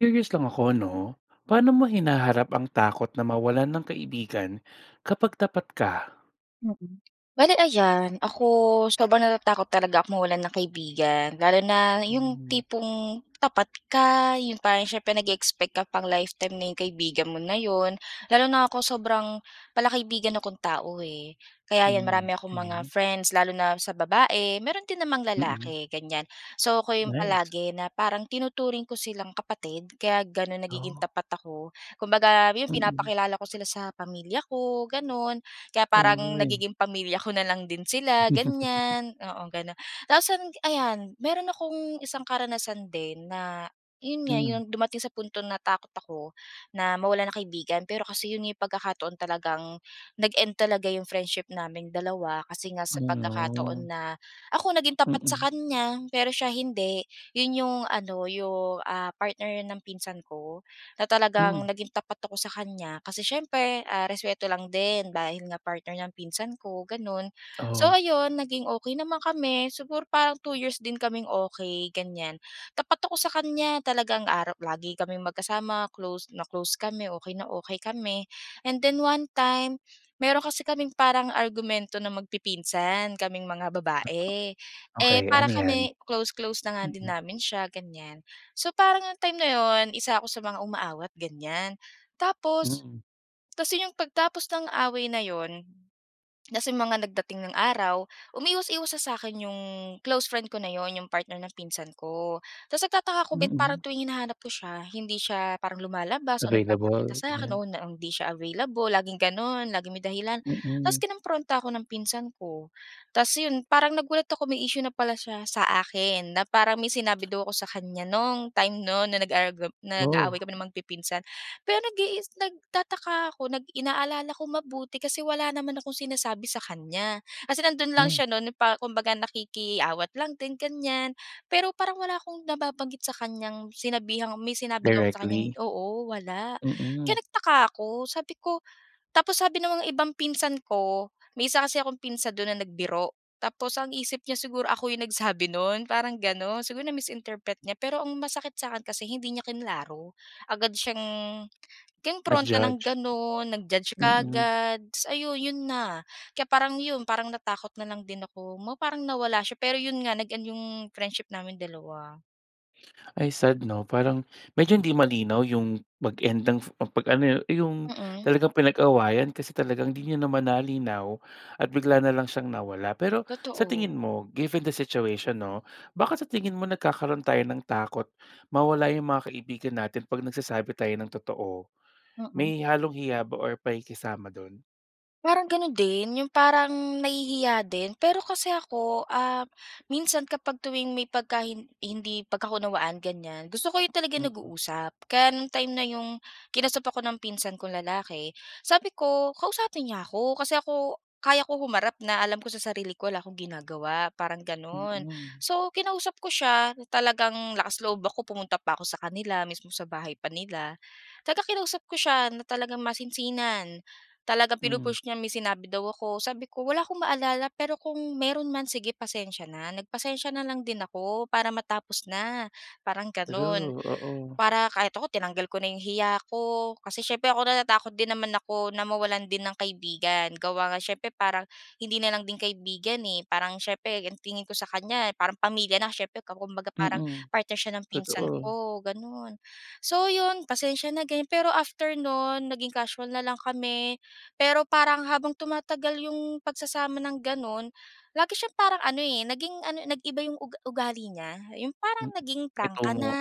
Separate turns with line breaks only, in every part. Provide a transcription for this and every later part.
Curious lang ako, 'no? Paano mo hinaharap ang takot na mawalan ng kaibigan kapag tapat ka?
Mm. Bale ayan, ako sobrang natatakot talaga akong mawalan ng kaibigan lalo na yung
Mm.
tipong tapat ka, yung parang siyempre nag-e-expect ka pang-lifetime na yung kaibigan mo na yun. Lalo na ako sobrang palakaibigan akong tao eh, kaya yan
Hmm,
marami akong mga
okey.
friends lalo na sa babae, meron din namang
Mm.
lalaki, ganyan. So, ako yung
Nice.
palagi na parang tinuturing ko silang kapatid kaya ganun nagiging
Oh.
tapat ako. Kumbaga, yun,
Mm.
pinapakilala ko sila sa pamilya ko, ganun. Kaya parang
Oy!
nagiging pamilya ko na lang din sila, ganyan. Oo, ganun. Tapos an ayan, mayro'n akong isang karanasan din na, yun nga,
Hmm.
yung dumating sa punto natakot ako na mawalan ng kaibigan. Pero kasi yun nga pagkakataon talagang nag-end talaga yung friendship naming dalawa kasi nga
Oh
sa pagkakataon
no.
na ako naging tapat sa
Mm.
kanya, pero siya hindi. Yun yung ano, yung, ah, partner ng pinsan ko na talagang
Hmm.
naging tapat ako sa kanya. Kasi siyempre, ah, respeto lang din dahil nga partner ng pinsan ko, ganun. So,
Oh.
ayun, naging okey naman kami. Siguro parang two years din kaming okey, ganyan. Tapat ako sa kanya, talagang araw lagi kaming magkasama, close na close kami, okey na okey kami, and then one time meron kasi kaming parang argumento na magpipinsan kaming mga
Ah,
babae.
oh.
Eh,
Okey,
para
ano yan?
kami close close na nga din
Mm.
namin siya, ganyan. So, parang yung time na yun, isa ako sa mga umaawat, ganyan. Tapos
Mm.
tapos yun, yung pagtapos ng away na yun, tapos yung mga nagdating ng araw, umiiwas-iwas sa sa'kin yung close friend ko na yun, yung partner ng pinsan ko. Tapos nagtataka ako ba't parang
Mm.
tuwing hinahanap ko siya hindi siya parang lumalabas o nagpapakita
Available,
sa akin
ganyan.
o na hindi siya available, laging ganun, laging may dahilan. Tapos
Mm.
kinompronta ako ng pinsan ko. Tapos yun parang nagulat ako may issue na pala siya sa akin na parang may sinabi daw ako sa kanya nung time nun na nag argu
Oh!
nag-aaway kami na magpipinsan. Pero nag iis nagtataka ako, nag inaalala ko mabuti kasi wala naman akong sinasabi sa kanya, kasi nandun lang
Hmm.
siya nun pa kumbaga, nakikiawat lang din, ganyan. Pero parang wala akong nababanggit sa kanyang sinabihang may sinabi daw ako sa kanyang
Directly?
oo, wala kaya
Mm.
nagtaka ako. Sabi ko tapos sabi naman ng ibang pinsan ko, may isa kasi akong pinsan dun na nagbiro, tapos ang isip niya siguro ako yung nagsabi nun, parang ganun. Siguro na-misinterpret niya. Pero ang masakit sa akin kasi hindi niya kinlaro. Agad siyang kinompronta ng
Nag-judged?
ganun, nag-judge
Mm.
kaagad, tapos ayun, yun na, kaya parang yun, parang natakot na lang din ako ma parang nawala siya. Pero yun nga nag-end yung friendship naming dalawa.
Ay, sad 'no. Parang medyo hindi malinaw yung mag-end ng 'pag ano yung yung
Mm.
talagang pinag-awayan kasi talagang hindi niyo naman nalinaw at bigla na lang siyang nawala. Pero sa
Totoo.
tingin mo, given the situation 'no, bakit sa tingin mo nagkakaroon tayo ng takot mawala yung mga kaibigan natin 'pag nagsasabi tayo ng totoo?
Mm.
May halong hiya ba or pakikisama dun?
Parang gano'n din. Yung parang nahihiya din, pero kasi ako, ah, minsan kapag tuwing may pagka hin hindi pagkakaunawaan ganyan, gusto ko yung talaga
Mm.
nag-uusap. Kaya nung time na yung kinausap ako ng pinsan kong lalaki, sabi ko, "KLausapin niya ako." Kasi ako, kaya ko humarap na, alam ko sa sarili ko wala akong ginagawa parang, gano'n.
Mm.
So, kinausap ko siya na talagang lakas loob ako, pumunta pa ako sa kanila, mismong sa bahay pa nila. Talagang kinausap ko siya na talagang masinsinan, talagang
Mm.
pinu-push niyang may sinabi daw ako. Sabi ko, "Wala akong maalala. Pero kung meron man, sige pasensiya na." Nagpasensiya na lang din ako para matapos na, parang gano'n.
True, oo.
Para kahit ako tinanggal ko na yung hiya ko kasi siyempre ako, natatakot din naman ako na mawalan din ng kaibigan. Gawa nga siyempre parang hindi na lang din kaibigan, eh, parang siyempre ang tingin ko sa kanya parang pamilya na siyempre ka kumbaga parang
Mm.
partner siya ng pinsan
Totoo.
ko, gano'n. So, 'yon, pasensiya na ganyan. Pero after nun naging casual na lang kami. Pero parang habang tumatagal yung pagsasama ng gano'n, lagi siyang parang ano, eh, naging ano, nag-iba yung ug ugali niya. 'Yong parang
Mm,
naging prangka
itong o.
na,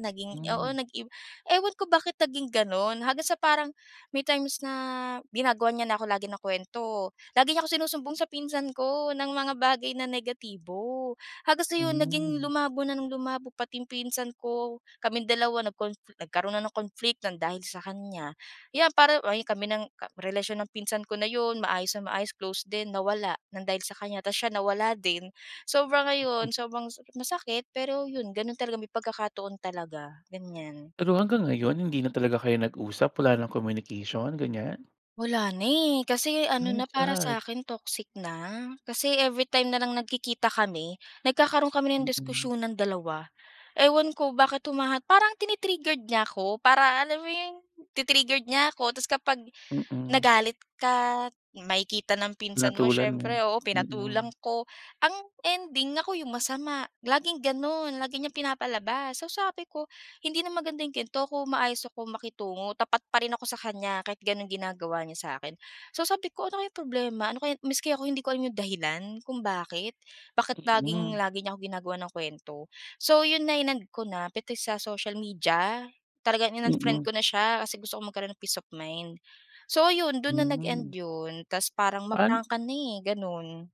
naging oo,
Mm.
nag-iba. Ewan ko bakit naging gano'n. Hanggang sa parang may times na ginagawan niya na ako lagi ng kuwento. Lagi niya akong sinusumbong sa pinsan ko ng mga bagay na negatibo hanggang sa 'yon, naging
Mm.
lumabo na ng lumabo pati yung pinsan ko, kaming dalawa nagkon nagkaroon na ng conflict ng dahil sa kanya. Iyan parang ay kami ng relasyon ng pinsan ko na 'yon. Maayos na maayos, close din, nawala ng dahil sa kanya. Ta's siya nawala din. Sobra ngayon, sobrang so masakit. Pero 'yon, gano'n talaga, may pagkakataon talaga, ganyan.
Pero hanggang ngayon hindi na talaga kayo nag-usap? Wala ng communication, ganyan?
Wala na eh, kasi ano
Ay,
na para sa
sad.
akin toxic na. Kasi every time na lang nagkikita kami, nagkakaroon kami ng
Mm.
diskusyonan dalawa. Ewan ko bakit humaha parang tini-triggered niya ako, para alam mo 'yong, ti-triggered niya 'ko, 'tas kapag
Mm.
nagalit ka makikita ng pinsan mo
Pinatulan mo,
siyempre, oo, pinatulan
mm.
ko, ang ending ako 'yong masama. Laging gano'n lagi niyang pinapalabas, so sabi ko, hindi na maganda 'yong gan'to kung maayos ako makitungo tapat pa rin ako sa kanya kahit gano'n ginagawa niya sa akin. So sabi ko, "Ano kayang problema? Ano kaya?" Maski ako hindi ko alam 'yong dahilan kung bakit, bakit laging
Mm.
lagi niya 'ko ginagawan ng kuwento? So 'yon na, inend kona, pati sa social media, talagang in-unfriend
Mm.
ko na siya kasi gusto kong magkaroon ng peace of mind. So ayun, dun na nag-end
Hmm.
yun, tas parang
Paano
ma-prangka na eh, ganun.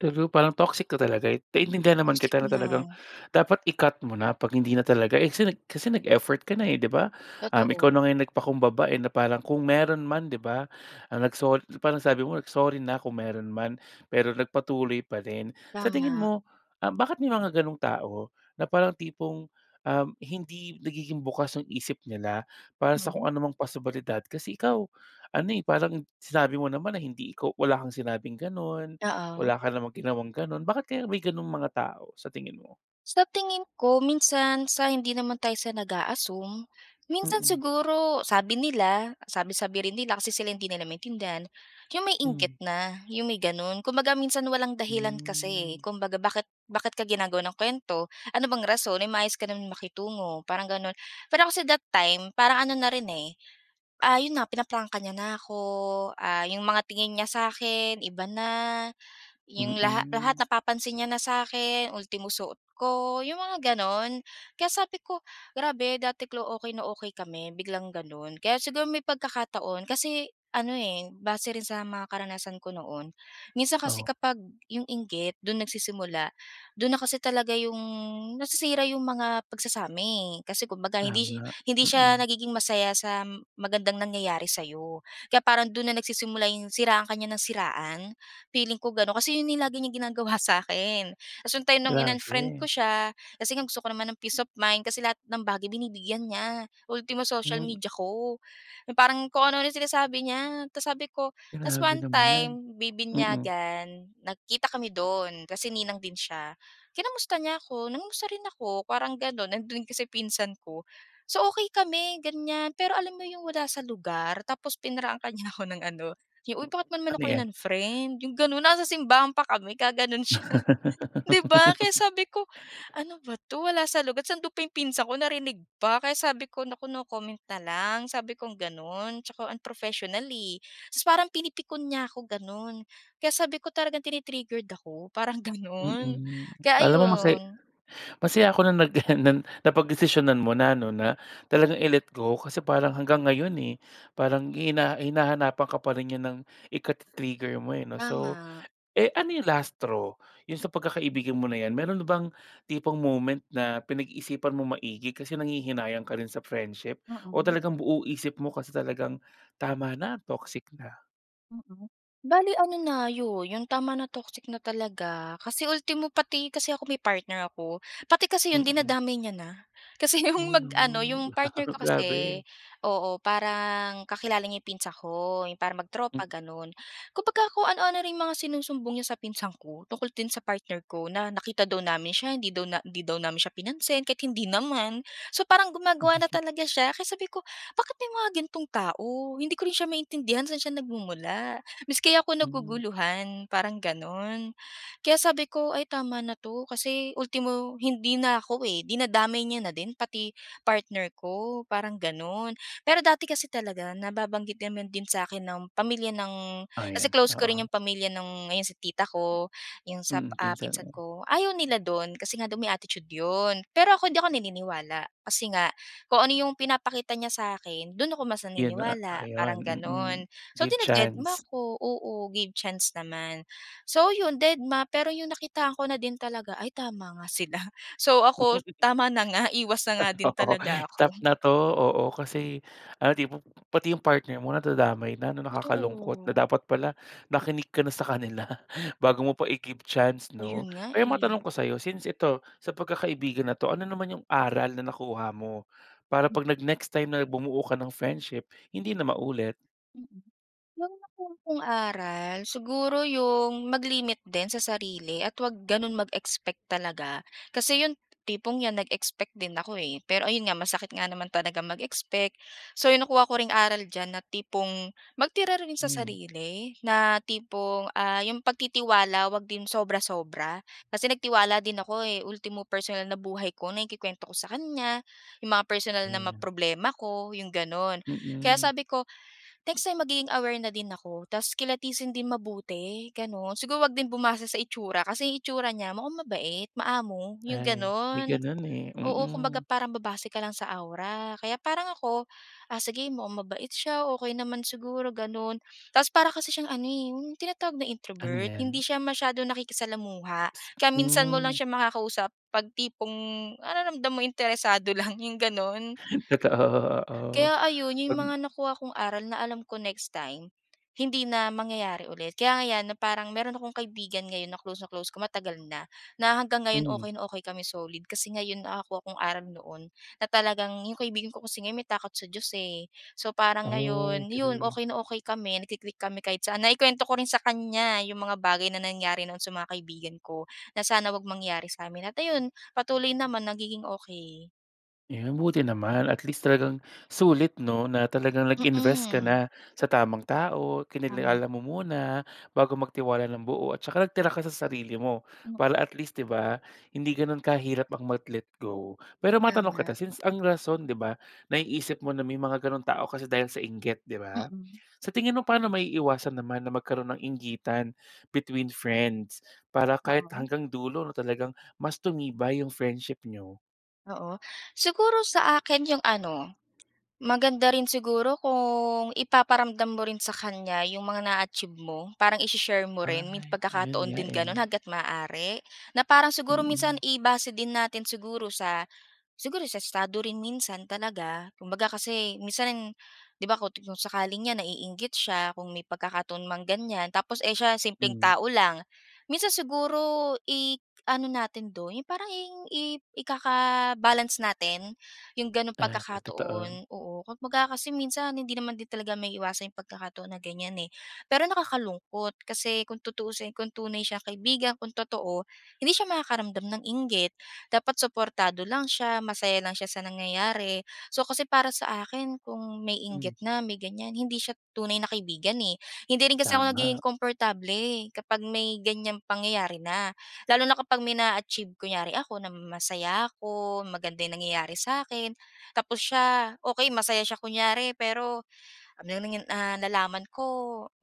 True, parang toxic na talaga eh. Naiintindihan naman
Toxic
kita na
na.
talagang dapat i-cut mo na pag hindi na talaga eh, kasi kasi nag-effort ka na eh, 'di ba? Um, ikaw
Totoo.
na nga nagpakumbaba eh, na parang kung meron man 'di ba, ang nagso parang sabi mo, "Sorry na kung meron man," pero nagpatuloy pa rin. Sa tingin
Tama.
mo, ah bakit may mga ganong tao na parang tipong um, hindi nagiging bukas ang isip nila para sa kung
Hmm.
anumang posibilidad. Kasi ikaw ano eh, parang sinabi mo naman na hindi ikaw wala kang sinabing ganun,
Oo.
wala ka namang ginawang ganun. Bakit kaya may ganong mga tao, sa tingin mo?
Sa tingin ko, minsan sa hindi naman tayo sa nag-a-assume. Minsan
Mm.
siguro sabi nila, sabi-sabi rin nila kasi sila hindi nila maintindihan, 'yong may inggit
Mm.
na. 'Yong may gano'n, kumbaga minsan walang dahilan kasi eh.
Hmm.
Kumbaga bakit bakit ka ginagawan ng kuwento? Ano bang rason? Eh maayos ka naman makitungo, parang gano'n. Pero kasi that time parang ano na rin eh, ah, 'yon na pinaprangka niya na ako. Ah 'yong mga tingin niya sa’kin iba na. ‘Yong laha lahat
Mm.
napapansin niya na sa’kin ultimo suot ko, 'yong mga gano'n. Kaya sabi ko, “Grabe dati clo okay na okay kami biglang gano'n.” Kaya siguro may pagkakataon, kasi ano eh, base rin sa mga karanasan ko noon. Minsan kasi
Oh.
kapag 'yong inggit do'n nagsisimula, do'n na kasi talaga 'yong nasisira 'yong mga pagsasama eh. Kasi kumbaga hindi si
Tama,
hindi siya
mm.
nagiging masaya sa magandang nangyayari sa 'yo kaya parang do'n na nagsisimula 'yong siraan ka niya nang siraan. Feeling ko gano'n kasi 'yon na yung lagi niyang ginagawa sa akin. Ta’s yung time nung in-unfriend ko
Grabe.
siya, kasi nga gusto ko naman ng peace of mind kasi lahat ng bagay binibigyan niya. Ultimo social
Mm.
media ko na parang kung ano-ano na sinasabi niya. Tas sabi ko ta’s
Grabe
one
naman.
time
Mm.
bibinyagan, nagkita kami do'n kasi ninang din siya. Kinamusta niya ako, nangumusta rin ako parang gano'n. Nandun kasi pinsan ko. So okay kami ganiyan, pero alam mo 'yong wala sa lugar tapos pinrangka niya na ako ng ano yu “Uy
Mm.
bakit naman
Ano
ako
‘yan?
in-unfriend?” 'Yong gano'n. Nasa simbahan pa kami gagano’n siya. ‘Di ba kaya sabi ko, “Ano ba 'to, wala sa lugar.” Ta’s andun pa 'yong pinsan ko narinig pa. Kaya sabi ko, “Naku no comment na lang.” Sabi kong gano'n, tsaka unprofessional eh. Ta’s parang pinipikon niya ako gano'n. Kaya sabi ko, talagang tini-triggered ako. Parang gano'n
Mm.
kaya
Alam mo masa
ayon.
masaya ako na naggenan, napagdesisyonan mo na ano na talagang i-let go kasi parang hanggang ngayon eh. Parang hina hinahanapan ka pa rin niya ng ika-ti-trigger mo eh ‘no. So,
Tama.
eh ano yung last straw? Yung sa pagkakaibigan mo na ‘yan meron na bang tipong moment na pinag-iisipan mong maigi kasi nanghihinayang ka rin sa friendship o
Mm.
talagang buo isip mo kasi talagang tama na toxic na?
Mm. Bale ano na 'yon, yung tama na, toxic na talaga kasi ultimo pati kasi ako may partner ako, pati kasi 'yon
Mm.
dinadamay niya na. Kasi yung
Oh,
mag-ano,
no!
yung partner ko kasi
Grabe.
oo, parang kakilala niya yung pinsan ko. Yung parang mag-tropa,
Mm.
gano'n. Kumbaga kung ano-ano ring mga sinusumbong niya sa pinsan ko tungkol din sa partner ko na nakita daw namin siya, hindi daw na hindi daw namin siya pinansin, kahit hindi naman. So, parang gumagawa na talaga siya. Kaya sabi ko, "Bakit may mga ganitong tao?" Hindi ko rin siya maintindihan, saan siya nagmumula. Mas kaya ako
Mm.
naguguluhan parang, ganon. Kaya sabi ko, "Ay tama na 'to kasi ultimo hindi na ako, eh, dinadamay niya na din pati partner ko," parang gano'n. Pero dati kasi talaga nababanggit naman din sa akin ng pamilya ng
Ah,
kasi
'yan.
close ko rin yung
Oo.
pamilya nung ayon si tita ko, yung sa,
Mm,
ah,
pinsan
pinsan
mo.
ko. Ayaw nila do'n kasi nga daw may attitude 'yon. Pero ako hindi ako naniniwala kasi nga kung ano yung pinapakita niya sa akin, do'n ako mas
Yun na nga,
naniniwala,
ayun.
parang
Mm,
gano'n. So,
give
dinededma
chance.
ko. Oo, give chance naman. So, ayun dedma. Pero yung nakitaan ko na din talaga, "Ay tama nga sila." So, ako tama na nga, iwas na nga din
Oo.
talaga ako.
Stop na 'to. Oo, kasi ano tipong pati yung partner mo nadadamay na 'no, nakakalungkot na
Totoo.
dapat pala nakinig ka na sa kanila. Bago mo pa i-give chance 'no.
Ayun nga,
Pero
eh.
matanong ko sa'yo, since ito sa pagkakaibigan na 'to, ano naman yung aral na nakuha mo para
Mm.
'pag nag-next time na bumuo ka ng friendship, hindi na maulit?
Mm. 'Yong nakuha kong aral siguro 'yong mag-limit din sa sarili at huwag gano'n mag-expect talaga. Kasi 'yong, tipong ‘yan nag-expect din ako, eh, pero ayun nga, masakit nga naman talaga mag-expect. So 'yong nakuha ko ring aral diyan na tipong, magtira rin sa
Mm.
sarili na tipong, ah, 'yong pagtitiwala, huwag din sobra-sobra kasi nagtiwala din ako, eh. Ultimo personal na buhay ko naikukuwento ko sa kaniya, 'yong mga personal na mga
Ayan.
problema ko, 'yong gano'n. Kaya
Mm.
sabi ko next time, magiging aware na din ako tapos kilatisin din mabuti, gano’n. Siguro huwag din bumase sa itsura kasi 'yong itsura niya mukhang mabait, maamo, 'yong
Ay, may
gano'n.
ganun eh.
Oo,
Mm.
kumbaga parang babase ka lang sa aura kaya parang ako, ah, sige mukhang mabait siya, okey naman siguro gano'n. Tapos para kasi siyang ano, eh, yung tinatawag na
Ano
introvert,
‘yan?
hindi siya masyadong nakikisalamuha, kaya minsan mo lang
Mm.
siya makakausap 'pag tipong nararamdam mo interesado lang, ‘yong gano'n.
Totoo, oo.
Kaya ayon, 'yon
‘Pag
mga nakuha kong aral na alam ko next time, hindi na mangyayari ulit. Kaya nga ‘yan na parang meron akong kaibigan ngayon na close na close ko matagal na, na hanggang ngayon
Mm.
okey na okey kami solid. Kasi ngayon nakakuha akong aral noon na talagang 'yong kaibigan ko kung may takot sa Diyos, eh. So, parang
Oh,
ngayon 'yon,
true.
okey na okey kami nagki-click kami kahit saan. Naikuwento ko rin sa kaniya 'yong mga bagay na nangyari noon sa mga kaibigan ko, na sana huwag mangyari sa amin at ayun, patuloy naman nagiging okey.
Yun, buti naman. At least, talagang sulit 'no, na talagang nag-invest ka
Mm.
na sa tamang tao.
Tama.
Kinilala mo muna, bago magtiwala ng buo, at tsaka nagtira ka sa sarili mo.
Hm.
Para, at least 'di ba, hindi ganun kahirap ang mag-let go. Pero matanong
Tama.
kita, since, ang rason 'di ba, naiisip mo na may mga ganong tao kasi, dahil sa inggit 'di ba?
Mm.
Sa tingin mo, paano maiiwasan naman na magkaroon ng inggitan between friends, para kahit
Oo.
hanggang dulo 'no, talagang mas tumibay yong friendship niyo?
Oo. Siguro, sa akin yung ano, maganda rin siguro kung ipaparamdam mo rin sa kanya, 'yong mga na-achieve mo. Parang ishi-share mo rin. May
Ay, ayun
pagkakataon
nga
din gano'n,
eh.
hangga't maaari na parang, siguro, minsan
Mm.
i-base din natin siguro sa, siguro sa estado rin minsan talaga. Kumbaga kasi minsan 'di ba, kung kung sakaling yan naiinggit siya, kung may pagkakataon mang ganyan. Tapos eh, siya simpleng
Hmm.
tao lang. Minsan siguro, i-ano natin do'n yong parang, yong i ikaka-balance natin, yong gano'n
Ah, ka totoo.
pagkakataon. Oo, kumbaga kasi minsan hindi naman din talaga maiiwasan yong pagkakataon na ganyan eh. Pero, nakakalungkot kasi kung tutuusin, kung tunay siyang kaibigan, kung totoo, hindi siya makakaramdam ng inggit. Dapat suportado lang siya, masaya lang siya sa nangyayari. So, kasi para sa akin kung may
Hmm.
inggit na, may ganyan, hindi siya tunay na kaibigan eh. Hindi rin kasi ako nagiging
Tama.
komportable, kapag may ganyang pangyayari na. Lalo na kapag may naa-achieve, kunyari ako na masaya ako, maganda yung nangyayari sa'kin, tapos siya okey masaya siya kunyari, pero ano nangan ah, nalaman ko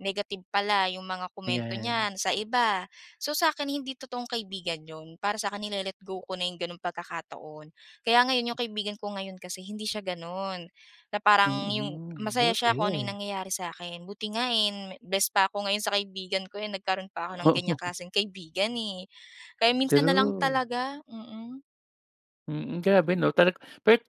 negative pala 'yong mga komento
Yan.
niyan sa iba. So, sa'kin hindi totoong kaibigan yon. Para sa'kin nile-let-go ko na yong gano'ng pagkakataon. Kaya ngayon, yong kaibigan ko ngayon kasi hindi siya gano'n. Na parang yong,
Mm.
masaya siya kung ano'yong
Buti.
nangyayari sa'kin. Buti nga eh, best pa ako ngayon sa kaibigan ko eh. Nagkaroon pa ako ng ganyang
Oo.
klaseng kaibigan eh. Kaya minsan na lang
True.
talaga, mm.
Mm, grabe 'no. Talagang [unintelligible]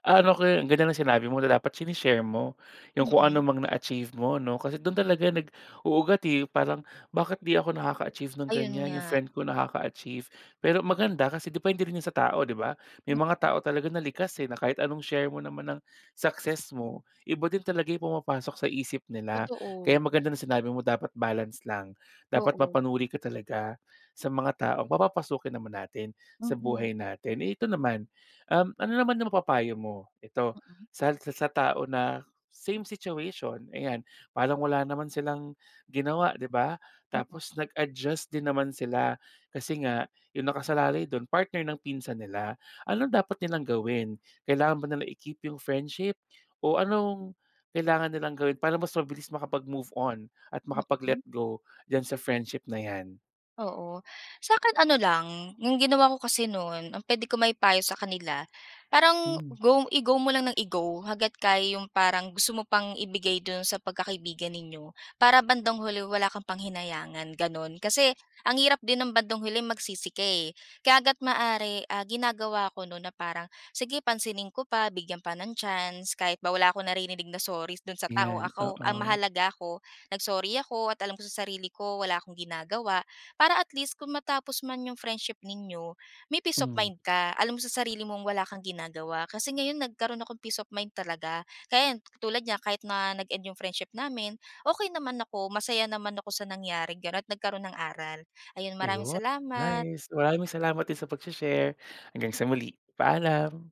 ano ko yun. Ang ganda ng sinabi mo na dapat sine-share mo 'yong kung ano
Mm.
mang na-achieve m,o 'no? Kasi do'n talaga nag-uugat, eh. Parang bakit 'di ako naka-achieve ng
Ayon
ganyan? 'Yong
nga.
friend ko nakaka-achieve. Pero maganda kasi depende rin 'yon sa tao, 'di ba? May mga
Mm.
tao talaga na likas, eh, na kahit anong share mo naman ng success mo. Iba din talaga 'yong pumapasok sa isip nila. Kaya
Totoo.
maganda na sinabi mo dapat balance lang. Dapat
Oo.
mapanuri ka talaga sa mga taong papapasukin naman natin sa
Mm.
buhay natin. Eh, ito naman, um, ano naman 'yong mapapayo mo? Ito
Mm.
sa sa sa tao na same situation, ayan. Parang wala naman silang ginawa, 'di ba?
Mm.
Tapos nag-adjust din naman sila. Kasi nga 'yong nakasalalay do'n partner ng pinsan nila. Ano dapat nilang gawin? Kailangan ba na i-keep 'yong friendship o anong kailangan nilang gawin para mas mabilis makapag-move on at
Mm.
makapag-let go diyan sa friendship na 'yan?
Oo, sa'kin ano lang. 'Yong ginawa ko kasi no'n, ang puwede ko maipayo sa kanila. Parang
Hmm.
go i-go mo lang nang i-go hangga't kaya 'yong parang gusto mo pang ibigay do'n sa pagkakaibigan ninyo. Para bandang huli wala kang panghinayangan, gano'n. Kasi ang hirap din ng bandang huli magsisi ka, eh. Kaya hanggat maaari, ah, ginagawa ko no'n na parang sige pansinin ko pa bigyan pa ng chance. Kahit ba wala akong naririnig na sorry do'n sa tao,
'Yan,
ako ang
oo.
mahalaga ako nag-sorry ako at alam ko sa sarili ko wala akong ginagawa. Para at least kung matapos man 'yong friendship ninyo may peace of
Mm.
mind ka. Alam mo sa sarili mong wala kang ginagawa. Kasi ngayon nagkaroon akong peace of mind talaga. Ka yan, tulad niya kahit na nag-end 'yong friendship namin, okey naman ako masaya naman ako sa nangyari gano't at nagkaroon ng aral. Ayon maraming
Ayon.
salamat.
Nice. Maraming salamat din sa pagse-share. Hanggang sa muli, paalam.